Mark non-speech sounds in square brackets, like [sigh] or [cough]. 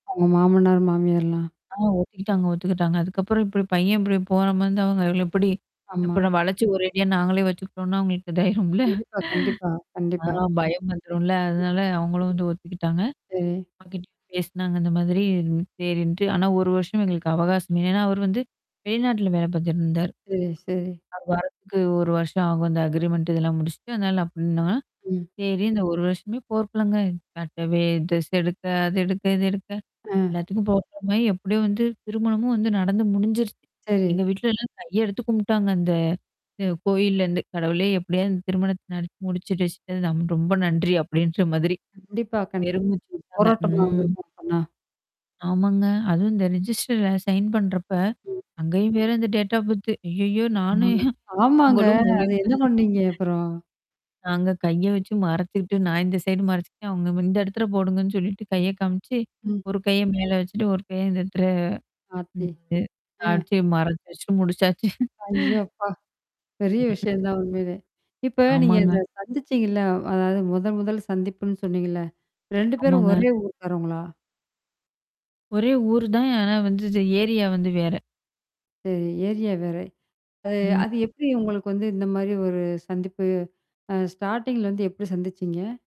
அவுங்க மாமனார், மாமியார்ல்லாம்? ஆ ஒத்துக்கிட்டாங்க ஒத்துக்கிட்டாங்க. அதுக்கப்புறம் இப்டி பையன் இப்டி போற மாரி இருந்தா அவுங்க எப்டி? ஆமா. அப்பறம் வளச்சு ஒரேடியா நாங்களே வச்சுக்கிட்டோம்ன்னா, அவுங்களக்கு இதாயிரும்ல. கண்டிப்பா கண்டிப்பா ஆ, கண்டிப்பா. பயம் வந்துரும்ல! ம். அதனால அவுங்களும் வந்து ஒத்துக்கிட்டாங்க. சரி. அப்பா கிட்ட பேசுனாங்க இந்த மாதிரி செரின்ட்டு ஆனா, 1 வருஷம் எங்களுக்கு அவகாசம் ஏன்னா, அவரு வந்து வெளிநாட்டுல வேலை பாத்துட்டுருந்தாரு. சரி சரி. அவரு வரத்துக்கு 1 வருஷம் ஆகும். அந்த அக்ரிீமென்ண்ட்டு இதெல்லாம் முடிச்சுட்டு, அதனால அப்டின்னா! ம். செரி இந்த 1 வருஷமே போர்கக்கலங்க. கட்டவே டிரஸ் எடுக்க, அது எடுக்க, இது எடுக்க அ. எல்லாத்துக்கும் போர்க்களமாயி, எப்டியோ வந்து திருமணமும் வந்து நடந்து முடிஞ்சிருச்சு. சரி. எங்க வீட்ல எல்லாம் கைய எடுத்து கும்பிட்டாங்க அந்த. அ கோயில்லருந்து, "கடவுளே எப்டியாவது திருமணத்த நடத்தி முடிச்சு வச்சிட்ட, ரொம்ப நன்றி" அப்டின்ற மாதிரி. கண்டிப்பா கண் பெருமூச்சு வுட்டாங்க போராட்டமா ம். இருந்திருக்கும் அப்பன்னா? ஆமாங்க. அதுவும் இந்த ரெஜிஸ்டர்ல சைன் பண்றப்ப. ம். அங்கேயும் வேற அந்த டேட் ஆஃப் பர்த்து ஐயய்யோ! நானும் ஆமாங்க, ஆமாங்க. அவங்களும் முழி அது என்னா பண்ணீங்க, [laughs] அப்புறம்? நாங்க கைய வச்சு மறச்சுக்கிட்டு நான் இந்த சைடு மறச்சுக்ட்டேன் அவுங்க இந்த இடத்துல போடுங்கன்னு சொல்லிட்டு, கைய காமிச்சு. ம். ஒரு கைய மேல வச்சுட்டு, ஒரு கைய இந்த எடத்துல ஆத்தி! ம். எ அ. சாட்சிய மறச்சு வச்சு முடிச்சாச்சு. ஐயோ! [laughs] அப்பா! பெரிய விஷயம் [unintelligible] தான் உண்மையிலே. இப்ப நீங்க ஆமாங்க. இத சந்திச்சீங்கள்ல, வ் அதாவது மொதல் மொதல் சந்திப்புன்னு சொன்னீங்கள்ல? 2 பேரும் ஆமாங்க. ஒரே ஊர்க்காரவங்களா? ஒரே ஊர் தான். ஆனா வந்து இந்த ஏரியா வந்து வேற. சரி ஏரியா வேற. அ அது ம். எப்டி, உங்களுக்கு வந்து இந்த மாரி ஒரு சந்திப்பு? அ ஸ்டார்ட்டிங்ல வந்து எப்டி சந்திச்சீங்க?